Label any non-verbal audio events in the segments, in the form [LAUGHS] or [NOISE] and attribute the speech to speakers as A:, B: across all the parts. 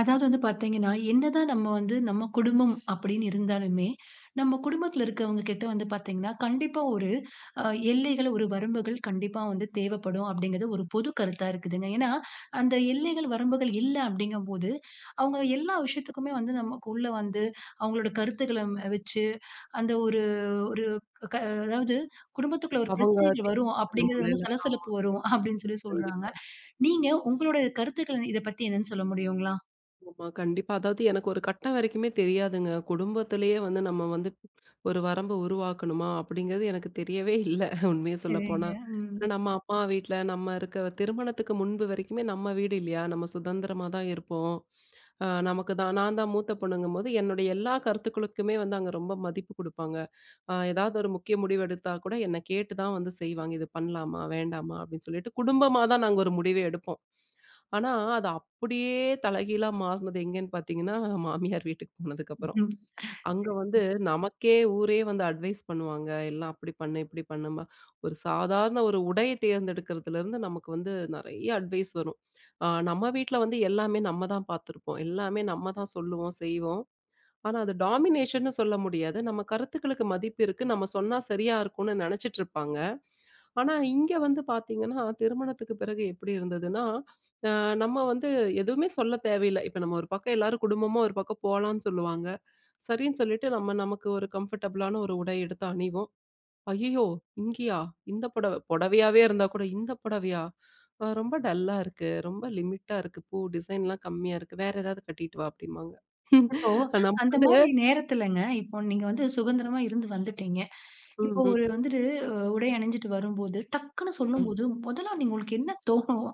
A: அதாவது வந்து பார்த்தீங்கன்னா, என்னதான் நம்ம வந்து நம்ம குடும்பம் அப்பிடீன்னு இருந்தாலுமே, நம்ம குடும்பத்தில இருக்கிறவங்கக்கிட்ட வந்து பார்த்தீங்கன்னா, கண்டிப்பா ஒரு அ எல்லைகள், ஒரு வரம்புகள் கண்டிப்பா வந்து தேவைப்படும், அப்பிடிங்கிறது, ஒரு பொது கருத்தா இருக்குதுங்க. ஏன்னா, அந்த எல்லைகள் வரம்புகள் இல்ல அப்பிடிங்கம்போது அவுங்க எல்லா விஷயத்துக்குமே வந்து நமக்குள்ள வந்து, அவுங்களோட கருத்துக்கள வச்சு, அந்த ஒரு, ஒரு க அதாவுது குடும்பத்துக்குள்ள ஒரு
B: அவங்க
A: பிரச்சனைகள் வரும், அப்பிடிங்கிறது வந்து
B: [UNINTELLIGIBLE] ஆமா.
A: சலசலப்பு வரும், அப்பிடீன்னு சொல்லி சொல்றாங்க.
B: கண்டிப்பா.
A: நீங்க உங்களுடைய கருத்துக்கள இத பத்தி என்னன்னு சொல்ல முடியுங்களா?
B: ஆமா. கண்டிப்பா. அதாவது எனக்கு ஒரு கட்டம் வரைக்குமே தெரியாதுங்க. குடும்பத்திலேயே வந்து நம்ம வந்து ஒரு வரம்பு உருவாக்கணுமா? அப்பிடிங்கிறது எனக்கு தெரியவே இல்ல, உண்மைய
A: சரிங்க.
B: சொல்லப்போனா.
A: ம்.
B: நம்ம அப்பா வீட்ல நம்ம இருக்க திருமணத்துக்கு முன்பு வரைக்குமே நம்ம வீடு இல்லயா! நம்ம சுதந்திரமா தான் இருப்போம். அ நமக்கு தான் நான் தான் மூத்த பொண்ணுங்கம்போது, என்னுடைய எல்லா கருத்துக்களுக்குமே வந்து அங்க ரொம்ப மதிப்பு கொடுப்பாங்க. அ எதாவது ஒரு முக்கிய முடிவு எடுத்தா கூட என்ன கேட்டு தான் வந்து செய்வாங்க, இது பண்ணலாமா? வேண்டாமா? அப்பிடின்னு சொல்லிட்டு, குடும்பமா தான் நாங்க ஒரு முடிவே எடுப்போம். ஆனா, அது அப்பிடியே தலைகீழா மாறுனது எங்கேன்னு பார்த்தீங்கன்னா, மாமியார் வீட்டுக்கு போனதுக்கப்புறம்
A: ம்.
B: அங்க வந்து
A: [UNINTELLIGIBLE]
B: நமக்கே ஊரே வந்து அட்வைஸ் பண்ணுவாங்க, எல்லாம் அப்பிடி பண்ணு, இப்பிடி பண்ணும்மா! ஒரு சாதாரண ஒரு உடை தேர்ந்தெடுக்குறதுலருந்து நமக்கு வந்து நிறைய அட்வைஸ் வரும். அ நம்ம வீட்ல வந்து எல்லாமே நம்ம தான் பார்த்துருப்போம். எல்லாமே நம்ம தான் சொல்லுவோம், செய்வோம். ஆனா, அது டாமினேஷன்னு சொல்ல முடியாது. நம்ம கருத்துக்களுக்கு மதிப்பு இருக்கு. நம்ம சொன்னா சரியா இருக்குன்னு நினைச்சிட்டு இருப்பாங்க. ஆனா, இங்க வந்து பார்த்தீங்கன்னா, திருமணத்துக்கு பிறகு எப்பிடி இருந்ததுன்னா, அ நம்ம வந்து எதுவுமே சொல்ல தேவையில்ல. இப்ப நம்ம ஒரு பக்கம் எல்லாரும் குடும்பமா ஒரு பக்கம் போலான்னு சொல்லுவாங்க. சரின்னு சொல்லிட்டு நம்ம நமக்கு ஒரு கம்ஃபர்டபுளான ஒரு உடை எடுத்து அணிவோம். ஐயயோ! இங்கயா? இந்த புடவ! புடவையாவே இருந்தா கூட இந்த புடவையா? அ ரொம்ப டல்லா இருக்கு, ரொம்ப லிமிட்டா இருக்கு, பூ டிசைன்லாம் கம்மியா இருக்கு, வேற ஏதாவது கட்டிட்டு வா! அப்பிடிம்பாங்க
A: அப்போ
B: [LAUGHS] நம்ம வந்து
A: அந்தமாரி நேரத்துலங்க. இப்போ நீங்க வந்து சுதந்திரமா இருந்து வந்துட்டீங்க. இப்போ
B: ம்.
A: ஒரு
B: ம்.
A: வந்துட்டு அ உடை அணிஞ்சிட்டு வரும்போது, டக்குனு
B: ம்.
A: சொல்லும்போது முதலா நீங்க உங்களுக்கு என்ன தோணும்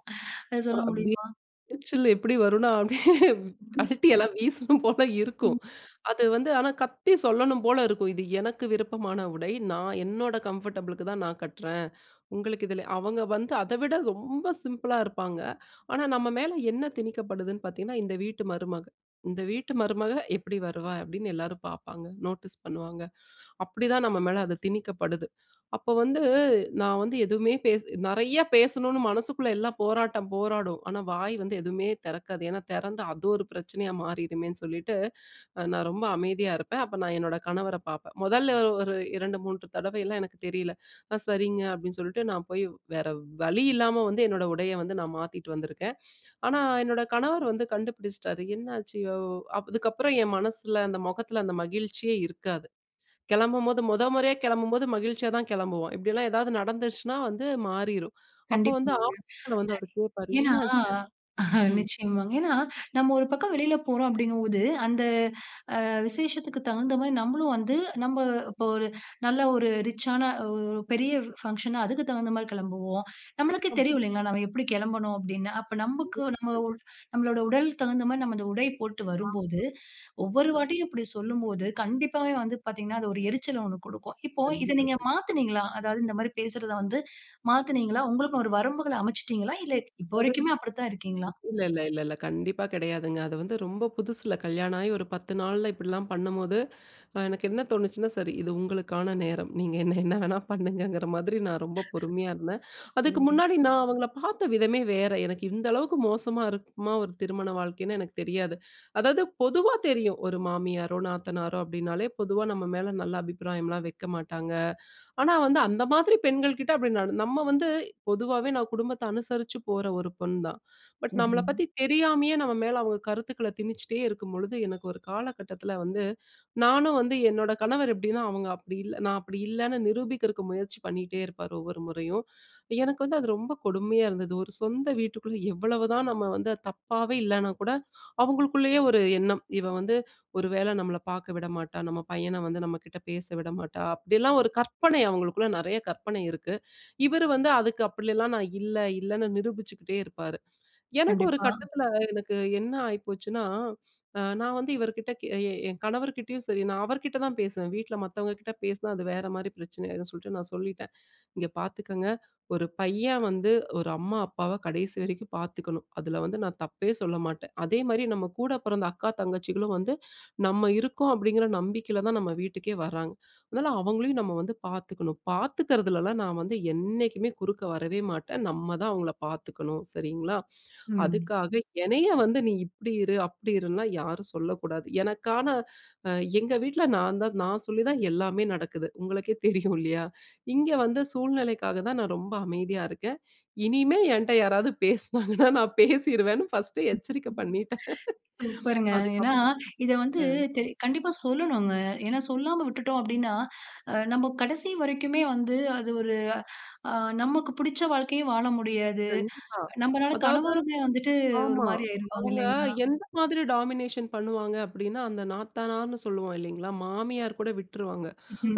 A: அத
B: அ
A: சொல்ல
B: அப்பிடியே
A: முடியுமா?
B: எரிச்சல் எப்பிடி வருன்னா, அப்பிடியே
A: [UNINTELLIGIBLE]
B: கழட்டி எல்லாம் வீசணும் போல இருக்கும்.
A: ம்.
B: அது வந்து ஆனா கத்தி சொல்லணும் போல இருக்கும். இது எனக்கு விருப்பமான உடை. நான் என்னோட கம்ஃபர்டபுளுக்கு தான் நான் கட்றேன். உங்களுக்கு இதுல அவங்க வந்து அத விட ரொம்ப சிம்பிளா இருப்பாங்க. ஆனா, நம்ம மேல என்ன திணிக்கப்படுதுன்னு பார்த்தீங்கன்னா, இந்த வீட்டு மருமக. இந்த வீட்டு மருமக எப்பிடி வருவா? அப்பிடின்னு எல்லாரும் பார்ப்பாங்க, நோட்டீஸ் பண்ணுவாங்க, அப்பிடிதான் நம்ம மேல அது திணிக்கப்படுது. அப்போ வந்து நான் வந்து எதுவுமே பேசு நிறையா பேசணும்னு மனசுக்குள்ள எல்லாம் போராட்டம் போராடும். ஆனா, வாய் வந்து எதுமே திறக்காது. ஏன்னா, திறந்தா, அது ஒரு பிரச்சனையா மாறிருமேன்னு சொல்லிட்டு, அ நான் ரொம்ப அமைதியா இருப்பேன். அப்ப நான் என்னோட கணவர பார்ப்பேன். மொதல்ல ஒரு 2, 3 தடவையெல்லாம் எனக்கு தெரியல. ஆ சரிங்க. அப்பிடின்னு சொல்லிட்டு, நான் போய் வேற வழி இல்லாம வந்து என்னோட உடைய வந்து நான் மாத்திட்டு வந்திருக்கேன். ஆனா, என்னோட கணவர் வந்து கண்டுபிடிச்சிட்டாரு. என்னாச்சு இவ அதுக்கப்புறம் என் மனசுல அந்த முகத்தில அந்த மகிழ்ச்சியே இருக்காது. கெளம்பும்போது முத முறையா கெளம்பும்போது மகிழ்ச்சியா தான் கெளம்புவோம். இப்பிடில்லாம் ஏதாவது நடந்திருச்சுனா வந்து மாறிரும். அப்போ வந்து
A: கண்டிப்பாங்க.
B: [UNINTELLIGIBLE] வந்து அவரு கேட்பாரு.
A: ஏன்னா
B: என்னாச்சு? ம்.
A: நிச்சயமாங்க ஏன்னா, நம்ம ஒரு பக்கம் வெளியில போறோம் அப்பிடீங்கம்போது, அந்த அ விசேஷத்துக்கு தகுந்தமாரி நம்மளும் வந்து, நம்ம இப்ப ஒரு நல்ல ஒரு ரிச்சான ஒ ஒ பெரிய பங்ஷன்னா அதுக்கு தகுந்தமாரி கிளம்புவோம். நம்மளுக்கே
B: ம்.
A: தெரியும் இல்லேங்களா! நம்ம எப்பிடி கெளம்பணும் அப்பிடீன்னு. அப்ப நமக்கு
B: கண்டிப்பா
A: நம்ம
B: [UNINTELLIGIBLE]
A: ஒ நம்மளோட உடலுக்கு தகுந்தமாரி நம்ம அந்த உடை போட்டு வரும் போது,
B: அ.
A: ஒவ்வொரு
B: [UNINTELLIGIBLE]
A: வாட்டியும் இப்பிடி சொல்லும் போது, கண்டிப்பாவே வந்து பார்த்தீங்கன்னா, அது ஒரு எரிச்சல் 1 கொடுக்கும். இப்போ இத
B: கண்டிப்பா,
A: நீங்க
B: கண்
A: மாத்துனீங்களா? அதாவது இந்தமாரி பேசுறத வந்து மாத்துனீங்களா? உங்களுக்குன்னு ஒரு வரம்புகள அமச்சுடீங்களா? இல்ல, இப்ப
B: அதாவது.
A: வரைக்குமே அப்பிடிதான் இருக்கீங்களா?
B: [UNINTELLIGIBLE] இல்ல, இல்ல, இல்ல, இல்ல. கண்டிப்பா கிடையாதுங்க. அது வந்து ரொம்ப புதுசுல கல்யாணம் ஆகி ஒரு 10 நால்ல இப்பிடிலாம் பண்ணும்போது அ எனக்கு என்ன தோணுச்சுன்னா, சரி இது உங்களுக்கான நேரம். நீங்க என்ன என்ன வேணா பண்ணுங்கங்கிற மாதிரி நான் ரொம்ப
A: [SIGHS]
B: பொறுமையா இருந்தேன். அதுக்கு
A: சரிங்க.
B: முன்னாடி நான் அவுங்கள பார்த்த விதமே வேற. எனக்கு இந்த அளவுக்கு மோசமா இருக்குமா? ஒரு திருமண வாழ்க்கைன்னு எனக்கு தெரியாது. அதாவது பொதுவா தெரியும், ஒரு மாமியாரோ நாத்தனாரோ அப்பிடினாலே, பொதுவா நம்ம மேல நல்ல அபிப்பிராயம்லாம் வைக்க மாட்டாங்க. ஆனா வந்து, அந்த மாதிரி பெண்கள்கிட்ட அப்பிடி நடந் நம்ம வந்து பொதுவாவே நான் குடும்பத்த அனுசரிச்சு போற ஒரு பொண் தான். பட், நம்மள
A: சரிங்க.
B: பத்தி தெரியாமையே நம்ம மேல அவுங்க கருத்துக்கள திணிச்சிட்டே இருக்கும்பொழுது, எனக்கு ஒரு காலகட்டத்தில வந்து, நானும் வந்து என்னோட கணவர் எப்பிடின்னா அவுங்க அப்பிடி இல்ல, நான் அப்பிடி இல்லன்னு நிரூபிக்கிறதுக்கு முயற்சி பண்ணிட்டே இருப்பாரு, ஒவ்வொரு முறையும். எனக்கு வந்து அது ரொம்ப கொடுமையா இருந்தது. ஒரு சொந்த வீட்டுக்குள்ள எவ்வளவுதான் நம்ம வந்து தப்பாவே இல்லனா கூட, அவுங்களுக்குள்ளயே ஒரு எண்ணம். இவ வந்து ஒரு வேள நம்மள பார்க்க விடமாட்டா! நம்ம பையன வந்து நம்மக்கிட்ட பேச விட மாட்டா! அப்பிடியெல்லாம் ஒரு கற்பனை அவுங்களுக்குள்ள நிறைய கற்பனை இருக்கு. இவரு வந்து அதுக்கு அப்பிடிலாம் நான் இல்ல, இல்லன்னு நிரூபிச்சுக்கிட்டே இருப்பாரு. எனக்கு ஒரு
A: கண்டிப்பா.
B: கட்டத்துல எனக்கு என்ன ஆயிப்போச்சுனா, அ நான் வந்து இவருக்கிட்ட கெ என் கணவர்க்கிட்டயும் சரி, நான் அவருக்கிட்ட தான் பேசுவேன், வீட்ல மத்தவங்க கிட்ட பேசுனா அது வேற மாரி பிரச்சனை ஆயிடும் சொல்ட்டு நான் சொல்லிட்டேன், இங்க பார்த்துக்கங்க, ஒரு பையன் வந்து ஒரு அம்மா அப்பாவ கடைசி வரைக்கும் பார்த்துக்கணும், அதுல வந்து நான் தப்பே சொல்ல மாட்டேன். அதேமாதிரி நம்ம கூட பிறந்த அக்கா, தங்கச்சிகளும் வந்து நம்ம இருக்கோம் அப்பிடிங்கிற நம்பிக்கையில தான் நம்ம வீட்டுக்கே வராங்க, அதனால, அவுங்களையும் நம்ம வந்து பார்த்துக்கணும் பார்த்துக்கிறதுலலாம் நான் வந்து என்னைக்குமே குறுக்க வரவே மாட்டேன். நம்ம தான் அவுங்கள பார்த்துக்கணும். சரிங்களா?
A: ம்.
B: அதுக்காக எனைய வந்து நீ இப்பிடி இரு! அப்பிடி இருன்லாம் யாரும் சொல்லக்கூடாது. எனக்கான அ எங்க வீட்ல நான் தான் நான் சொல்லி தான் எல்லாமே நடக்குது. உங்களுக்கே தெரியும் இல்லயா! இங்க வந்து சூழ்நிலைக்காக தான் நான் ரொம்ப அமைதியா இருக்கேன். இனிமே என்ட்ட யாராவது பேசுனாங்கன்னா, நான் பேசிருவேன்னு ஃபர்ஸ்ட்டே
A: ம்.
B: எச்சரிக்க
A: [CHUCKLES]
B: பண்ணிட்டேன்
A: சூப்பருங்க!
B: அதுக்கு
A: ஏன்னா,
B: அப்
A: இத வந்து
B: அ.
A: தெ கண்டிப்பா சொல்லணும்ங்க. ஏன்னா, சொல்லாம விட்டுட்டோம் அப்பிடின்னா, அ நம்ம கடைசி வரைக்குமே வந்து, அது ஒரு அ நமக்கு புடிச்ச வாழ்க்கையே வாழ முடியாது.
B: கண்டிப்பா.
A: நம்மளால
B: அதாவது
A: கணவருமே வந்துட்டு
B: ஆமா.
A: ஒருமாரி ஆயிருவாங்க,
B: அவுங்க
A: இல்லேங்களா!
B: எந்த மாதிரி டாமினேஷன் பண்ணுவாங்க அப்பிடின்னா, அந்த நாத்தனார்ன்னு சொல்லுவோம் இல்லேங்களா! மாமியார் கூட விட்டுருவாங்க.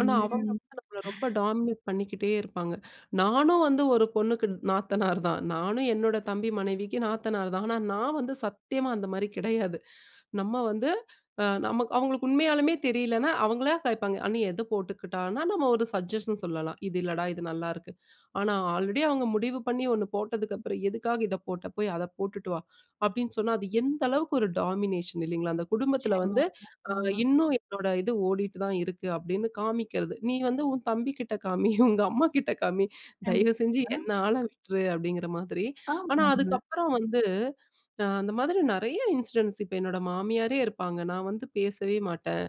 B: ஆனா, அவங்க
A: ம்.
B: வந்து நம்மள ரொம்ப டாமினேட் பண்ணிக்கிட்டே இருப்பாங்க. நானும் வந்து ஒரு பொண்ணுக்கு நாத்தனார் தான். நானும் என்னோட தம்பி மனைவிக்கு நாத்தனார் தான். ஆனா நான் வந்து சத்தியமா அந்த மாதிரி கிடையாது. நம்ம வந்து அ நம்ம அவுங்களுக்கு உண்மையாலுமே தெரியலனா, அவுங்களா கேப்பாங்க. ''அண்ணி! எத போட்டுக்கட்டானா'' நம்ம ஒரு சஜஷன் சொல்லலாம். இது இல்லடா! இது நல்லாருக்கு. ஆனா ஆல்ரெடி அவங்க முடிவு பண்ணி 1 போட்டதுக்கு அப்புறம் ''எதுக்காக இத போட்ட? போய் அத போட்டுட்டு வா'' அப்பிடின்னு சொன்னா, அது எந்த அளவுக்கு ஒரு டாமினேஷன் இல்லேங்களா! அந்த குடும்பத்துல வந்து
A: [UNINTELLIGIBLE]
B: அ
A: ஆமா.
B: இன்னும் என்னோட இது ஓடிட்டு தான் இருக்கு. அப்பிடீன்னு காமிக்கிறது, நீ வந்து உன் தம்பி கிட்ட காமி, உங்க அம்மாகிட்ட காமி,
A: கண்டிப்
B: தயவு செஞ்சு
A: பா.
B: என்ன ஆல விட்ரு! அப்பிடிங்கிற மாதிரி. ஆனா
A: ஆமாங்க.
B: அதுக்கப்புறம் வந்து அ அந்த மாதிரி நிறைய இன்சிடென்ட்ஸ் இப்ப என்னோட மாமியாரே இருப்பாங்க, நான் வந்து பேசவே மாட்டேன்.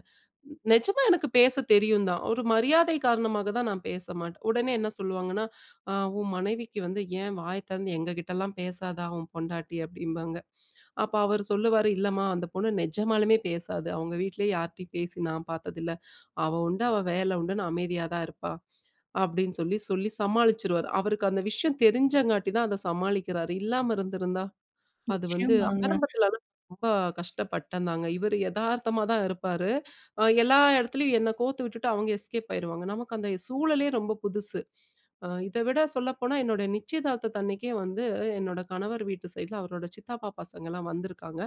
B: நிஜமா எனக்கு பேச தெரியும் தான். ஒரு மரியாதை காரணமாக தான் நான் பேச மாட்டேன். உடனே என்ன சொல்லுவாங்கன்னா, ''அ உன் மனைவிக்கு வந்து ஏன் வாய திறந்து எங்க கிட்டலாம் பேசாதா? உன் பொண்டாட்டி'' அப்பிடிம்பாங்க. அப்போ அவரு சொல்லுவாரு ''இல்லம்மா! அந்த பொண்ணு நெஜமாலுமே பேசாது, அவுங்க வீட்டிலயே யார்ட்டயும் பேசி நான் பார்த்ததில்ல. அவ உண்டு, அவ வேல உண்டுன்னு அமைதியா தான் இருப்பா'' அப்பிடின்னு சொல்லி, சொல்லி சமாளிச்சுருவாரு. அவருக்கு அந்த விஷயம் தெரிஞ்சங்காட்டி தான் அத சமாளிக்கிறாரு. இல்லாம இருந்திருந்தா! அது வந்து
A: நிச்சயமாங்க.
B: ஆரம்பத்தில ரொம்ப கஷ்டப்பட்டேன்ந்தாங்க. இவரு எதார்த்தமா தான் இருப்பாரு. அ எல்லா இடத்துலயும் என்ன கோர்த்து விட்டுட்டு, அவுங்க எஸ்கேப் ஆயிருவாங்க. நமக்கு அந்த சூழலே ரொம்ப புதுசு. அ இத விட சொல்லப்போனா என்னுடைய நிச்சயதார்த்தத அன்னக்கே வந்து என்னோட கணவர் வீட்டு சைட்ல அவரோட சித்தப்பா பசங்கள்லாம் வந்துருக்காங்க.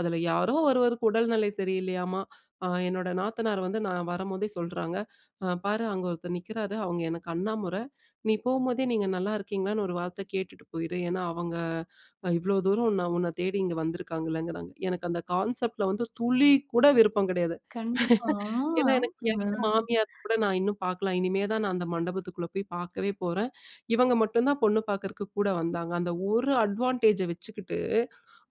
B: அதுல யாரோ ஒருவருக்கு உடல்நிலை சரி இல்லையாம்மா, அ என்னோட நாத்தனார் வந்து நான் வரும்போதே சொல்றாங்க. பாரு அங்க ஒருத்தர் நிற்கிறாரு. அவுங்க எனக்கு அண்ணா முற! நீ போகும்போதே நீங்க நல்லா இருக்கீங்களான்னு ஒரு வார்த்த கேட்டுட்டு போயிரு. ஏன்னா, அவங்க அ இவ்ளோ தூரம் நான் உன்ன தேடி இங்க வந்துருக்காங்கல்லங்கிறாங்க. எனக்கு அந்த கான்செப்ட்ல வந்து துளி கூட விருப்பம் கிடையாது
A: கண்டிப்பா, ஆ,
B: [LAUGHS] ஏன்னா, எனக்கு யார்
A: ஆமாங்க.
B: மாமியார் கூட நான் இன்னும் பார்க்கல. இனிமே தான் நான் அந்த மண்டபத்துக்குள்ள போய் பார்க்கவே போறேன். இவங்க மட்டும் தான் பொண்ணு பார்க்கிறக்கு கூட வந்தாங்க. அந்த ஒரு அட்வான்டேஜ வச்சுக்கிட்டு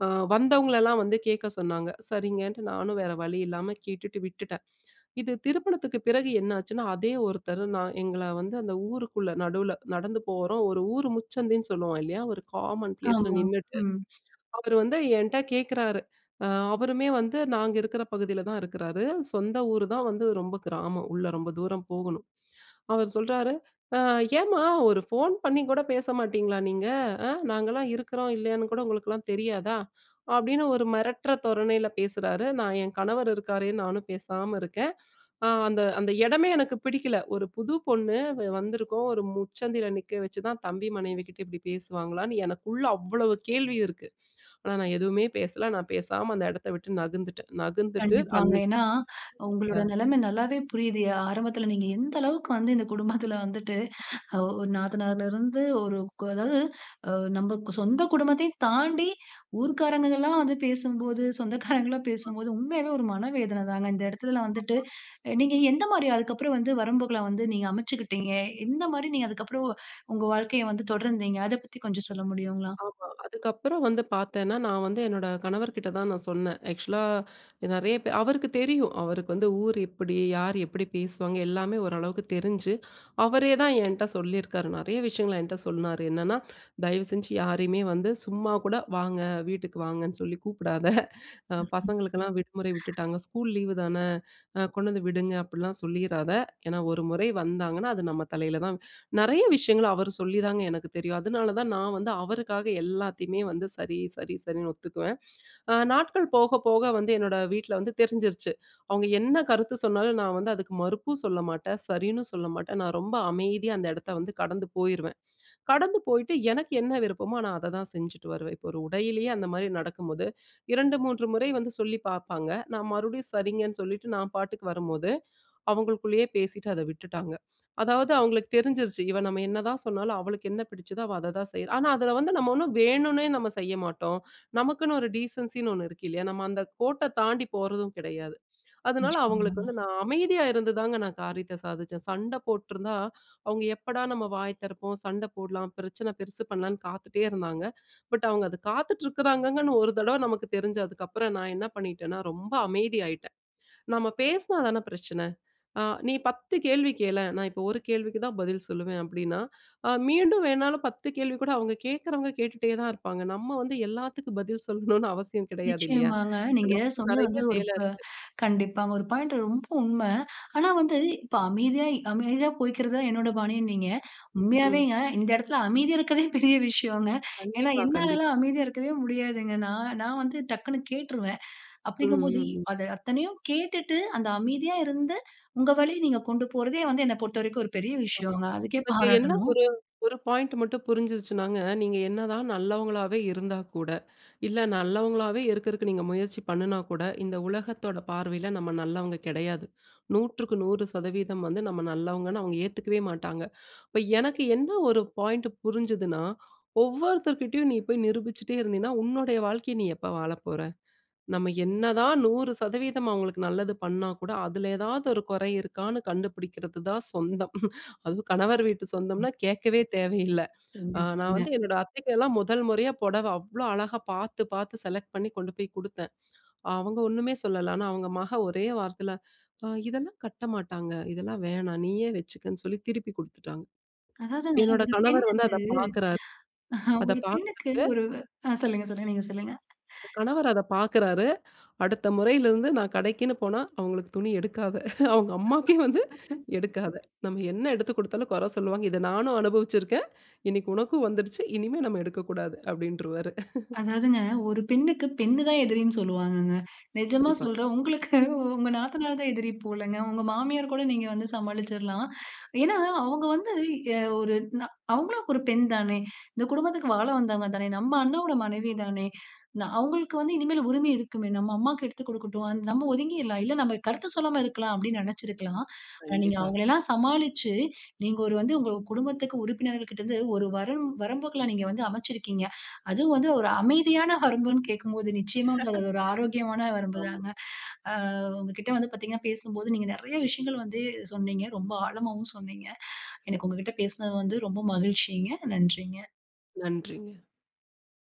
B: அ வந்தவங்கள எல்லாம் வந்து கேட்க சொன்னாங்க. சரிங்கன்ட்டு நானும் வேற வழி இல்லாம கேட்டுட்டு விட்டுட்டேன். இது திருமணத்துக்கு பிறகு என்னாச்சுன்னா, அதே ஒருத்தர் நான் எங்கள வந்து அந்த ஊருக்குள்ள நடுவில நடந்து போறோம். ஒரு ஊர் முச்சந்தின்னு சொல்லுவோம் இல்லயா! ஒரு காமன் ப்ளேஸ்ல
A: ஆமா.
B: நின்னுட்டு,
A: ம்.
B: அவரு வந்து என்ட்ட கேட்குறாரு. அ அவருமே வந்து நாங்க இருக்கிற பகுதியில தான் இருக்கிறாரு. சொந்த ஊரு தான், வந்து ரொம்ப கிராமம், உள்ள ரொம்ப தூரம் போகணும். அவர் சொல்றாரு ''அ ஏன்ம்மா! ஒரு ஃபோன் பண்ணிகூட பேச மாட்டிங்களா நீங்க? அ நாங்கலாம் இருக்கிறோம் இல்லையான்னு கூட உங்களுக்கெல்லாம் தெரியாதா?'' அப்பிடின்னு ஒரு மிரட்டுற தோரணையில பேசுறாரு. நான் என் கணவர் இருக்காரேன்னு நானும் பேசாம இருக்கேன். அ அந்த, அந்த இடமே எனக்கு பிடிக்கல. ஒரு புது பொண்ணு வ வந்திருக்கும், ஒரு முச்சந்தியில நிக்க வச்சுதான், தம்பி மனைவிக்கிட்ட இப்பிடி பேசுவாங்களான்னு எனக்குள்ள அவ்ளோ கேள்வி இருக்கு. ஆனா நான் எதுவுமே பேசல. நான் பேசாம அந்த இடத்த விட்டு நகர்ந்துட்டேன் நகர்ந்துட்டு
A: கண்டிப்பாங்க.
B: அன்னக்கி
A: ஏன்னா, உங்களோட
B: ஆ
A: நிலமை நல்லாவே புரியுது. அ ஆரம்பத்தில நீங்க எந்த அளவுக்கு வந்து, இந்த குடும்பத்தில வந்துட்டு ஒ நாத்தனாருலருந்து ஒரு கொ அதாவது அ நம்ம சொந்த குடும்பத்தையும் தாண்டி ஊர்க்காரங்கலாம் வந்து பேசும்போது, சொந்தக்காரங்களா
B: ஆ.
A: பேசும்போது உண்மையாவே ஒரு மன வேதனை தாங்க. இந்த இடத்துல வந்துட்டு,
B: ஆமா.
A: அ நீங்க எந்தமாரி அதுக்கப்பறம் வந்து வரம்புகள வந்து நீங்க அமைச்சுக்கிட்டீங்க? எந்தமாரி நீங்க அதுக்கப்பறம் உங்க வாழ்க்கைய வந்து தொடர்ந்தீங்க? அத பத்தி கொஞ்சம் சொல்ல முடியுங்களா?
B: ஆமா. அதுக்கப்புறம் வந்து பார்த்தேன்னா, நான் வந்து என்னோட கணவர்க்கிட்ட தான் நான் சொன்னேன். ஆக்ஷூலா அ நிறைய பே அவருக்கு தெரியும். அவருக்கு வந்து, ஊர் எப்பிடி? யார் எப்பிடி பேசுவாங்க? எல்லாமே ஓரளவுக்கு தெரிஞ்சு அவரேதான் என்ட்ட சொல்லிருக்காரு. நிறைய விஷயங்கள் என்ட்ட சொன்னாரு. என்னன்னா, தயவுசெஞ்சு யாரையுமே வந்து சும்மாகூட வாங்க, வீட்டுக்கு வாங்கன்னு சொல்லி கூப்பிடாத! [CHUCKLES] அ பசங்களுக்கெல்லாம் விடுமுறை விட்டுட்டாங்க. ஸ்கூல் லீவு தான, அ கொண்டு வந்து விடுங்க! அப்புட்லாம் சொல்லிறாத! ஏன்னா, ஒரு முறை வந்தாங்கன்னா, அது நம்ம தலையில தான் நிறைய விஷயங்கள் அவரு சொல்லிதாங்க எனக்கு தெரியும். அதனால தான் நான் வந்து, அவருக்காக எல்லாத்தையுமே வந்து சரி, சரி, சரின்னு ஒத்துக்குவேன். அ நாட்கள் போக, போக வந்து என்னோட வீட்ல வந்து தெரிஞ்சிருச்சு. அவுங்க என்ன கருத்து சொன்னாலும் நான் வந்து அதுக்கு மறுப்பும் சொல்ல மாட்டேன். சரின்னு சொல்ல மாட்டேன். நான் ரொம்ப அமைதியா அந்த இடத்த வந்து கடந்து போயிருவேன். கடந்து போயிட்டு, எனக்கு என்ன விருப்பமோ நான் அத தான் செஞ்சுட்டு வருவேன். இப்ப ஒரு உடையிலயே அந்த மாதிரி நடக்கும்போது, 2, 3 முறை வந்து சொல்லி பாப்பாங்க. நான் மறுபடியும் சரிங்கன்னு சொல்லிட்டு நான் பாட்டுக்கு வரும்போது, அவுங்களுக்குள்ளயே பேசிட்டு அத விட்டுட்டாங்க. அதாவது அவுங்களுக்கு தெரிஞ்சுருச்சு, இவ நம்ம என்னதான் சொன்னாலும் அவளுக்கு என்ன பிடிச்சதோ! அவ அத தான் செய்றா! ஆனா, அதுல வந்து நம்ம ஒன்னும் வேணுன்னே நம்ம செய்ய மாட்டோம். நமக்குன்னு ஒரு டீசென்சின்னு 1 இருக்கு இல்லயா? நம்ம அந்த கோட்ட தாண்டி போறதும் கிடையாது. அதனால அவுங்களுக்கு
A: நிச்சயமாங்க.
B: வந்து நான் அமைதியா இருந்துதாங்க நான் காரியத்த சாதித்தேன். சண்ட போட்ருந்தா, அவுங்க எப்படா! நம்ம வாய் திறப்போம். சண்ட போட்லாம், பிரச்சனை பெருசு பண்ணலான்னு காத்துட்டே இருந்தாங்க. பட், அவுங்க அத காத்துட்டு இருக்கிறாங்கங்கன்னு ஒரு தடவ நமக்கு தெரிஞ்சதுக்கு அதுக்கப்புறம் நான் என்ன பண்ணிட்டன்னா, ரொம்ப அமைதி ஆயிட்டேன். நம்ம பேசினா தான பிரச்சன? அ நீ 10 கேள்வி கேளேன்! நான் இப்ப ஒரு கேள்விக்கு தான் பதில் சொல்வேன், அப்பிடின்னா, அ மீண்டும் வேணாலும் 10 கேள்விகூட அவுங்க கேட்கிறவங்க கேட்டுட்டே தான் இருப்பாங்க. நம்ம வந்து எல்லாத்துக்கும் பதில் சொல்லணுன்னு அவசியம் கிடையாது இல்லயா!
A: நிச்சயமாங்க. நீங்க
B: ஹலோ!
A: சொன்னது
B: நிறைய
A: வந்து, ஒரு
B: வேல
A: ப
B: இருக்கு.
A: கண்டிப்பா ஒரு பாயிண்ட் ரொம்ப உண்ம. ஆனா, வந்து இப்ப அமைதியா! அமைதியா போயிக்கிறது தான் என்னோட பாணின்னீங்க.
B: ம். ம்.
A: உண்மையாவேங்க இந்த இடத்தில அமைதியா இருக்கிறதே பெரிய விஷயோங்க ஏன்னா,
B: கண்டிப்பா, கண்டிப்பா.
A: என்னாலலாம் அமைதியா இருக்கவே முடியாதுங்க. நான், நான் வந்து டக்குனு கேட்டுருவேன்.
B: ம். ம்.
A: அப்பிடீங்கும்போது
B: ம்.
A: அத அத்தனையும் கேட்டுட்டு, அத அமைதியா இருந்து, உங்க வழி நீங்க கொண்டு போறதே வந்து, என்ன பொறுத்த வரைக்கும் ஒரு பெரிய
B: ஆமா.
A: விஷயங்க. அதுக்கே
B: எனக்கு என்ன
A: பாராட்டணும்.
B: ஒரே ஒரு பாயிண்ட் மட்டும் புரிஞ்சுருச்சுனாங்க, நீங்க என்னதான் நல்லவங்களாகவே இருந்தா கூட, இல்ல நல்லவங்களாகவே இருக்குறதுக்கு நீங்க முயற்சி பண்ணுனா கூட, இந்த உலகத்தோட பார்வையில நம்ம நல்லவங்க கிடையாது. 100 க்கு 100 சதவீதம் வந்து நம்ம நல்லவங்கன்னு அவுங்க ஏத்துக்கவே மாட்டாங்க .இப்ப எனக்கு என்ன ஒரு பாயிண்ட் புரிஞ்சுதுன்னா ஒவ்வொருத்தர்கிட்டயும் நீ போய் நிரூபிச்சிட்டே இருந்தின்னா, உன்னோடைய வாழ்க்கையை நீ எப்போ வாழ போற? நம்ம என்னதான் 100 சதவீதம் அவுங்களுக்கு நல்லது பண்ணா கூட, அதில ஏதாது ஒரு குறை இருக்கான்னு கண்டுபிடிக்கிறதுதான் சொந்தம். அதுவும் கணவர் வீட்டு
A: ம்.
B: சொந்தம்ன்னா கேட்கவே தேவையில்ல அ நான்
A: கண்டிப்பாங்க.
B: வந்து என்னோட அத்தைக்கெல்லாம் முதல் முறையா, புடவை அவ்ளோ அழகா பார்த்து, பார்த்து செலக்ட் பண்ணி கொண்டு போய் கொடுத்தேன். அவுங்க ஒன்னுமே சொல்லல. ஆனா, அவுங்க மக ஒரே வார்த்தையில ''அ இதெல்லாம் கட்ட மாட்டாங்க, இதெல்லாம் வேணாம். நீயே வச்சுக்கன்னு'' சொல்லி திருப்பி கொடுத்துட்டாங்க.
A: அதாவதுங்க
B: என்னோட
A: ஒரு
B: கணவர் வந்து
A: பெண்ணுக்கு
B: அத பார்க்கிறாரு.
A: [CHUCKLES]
B: அதை
A: ஒரு பெண்ணுக்கு.
B: பார்க்கிறாரு.
A: ஒரு ஆ சொல்லுங்க, சொல்லுங்க. நீங்க சொல்லுங்க.
B: என் கணவர் அத பார்க்கிறாரு, அடுத்த முறையிலிருந்து நான் கடைக்குன்னு போனா, அவுங்களுக்கு துணி எடுக்காத! அவுங்க அம்மாக்கே வந்து
A: [UNINTELLIGIBLE]
B: எடுக்காத! நம்ம என்ன எடுத்து கொடுத்தாலும் கொற சொல்லுவாங்க, இத நானும் அனுபவிச்சிருக்கேன், இன்னக்கி உனக்கும் வந்துருச்சு. இனிமே நம்ம எடுக்கக்கூடாது அப்பிடின்ருவாரு [LAUGHS]
A: அதாவதுங்க. ஒரு பெண்ணுக்கு பெண் தான் எதிரின்னு சொல்லுவாங்கங்க. நிஜமா
B: கண்டிப்பா.
A: சொல்றேன், உங்களுக்கு உங்க நாத்தனார் தான் எதிரி போலங்க உங்க மாமியார் கூட நீங்க வந்து சமாளிச்சுர்லாம். ஏன்னா, அவுங்க வந்து, எ ஒரு நா அவுங்களும் ஒரு பெண் தானே? இந்த குடும்பத்துக்கு வாழ வந்தவங்க தானே? நம்ம அண்ணாவோட மனைவி தானே? ந அவுங்களுக்கு வந்து இனிமேல் உரிமை இருக்குமே! நம்ம அம்மாக்கு எடுத்து கொடுக்கட்டும். நம்ம ஒதுங்கிர்லாம். இல்ல நம்ம கருத்து சொல்லாம இருக்கலாம், அப்பிடீன்னு நினச்சிருக்கலாம். ஆனா நீங்க
B: கண்டிப்பா.
A: அவுங்களையெல்லாம் சமாளிச்சு, நீங்க ஒரு வந்து உங்க குடும்பத்திக்கு உறுப்பினர்கள்கிட்ட இருந்து ஒரு வரம் வரம்புகள நீங்க வந்து அமச்சிருக்கீங்க. அதுவும் வந்து ஒரு அமைதியான வரம்புன்னு கேட்கும்போது, நிச்சயமா அது ஒரு ஆரோக்கியமான
B: [LAUGHS] ஆமா.
A: வரம்புதாங்க. ஆ உங்கக்கிட்ட வந்து பார்த்தீங்கனா, பேசும்போது நீங்க நிறைய விஷயங்கள் வந்து சொன்னீங்க, ரொம்ப ஆழமாவும் சொன்னீங்க. எனக்கு உங்கக்கிட்ட பேசுனது வந்து ரொம்ப மகிழ்ச்சிங்க. நன்றிங்க.
B: நன்றிங்க.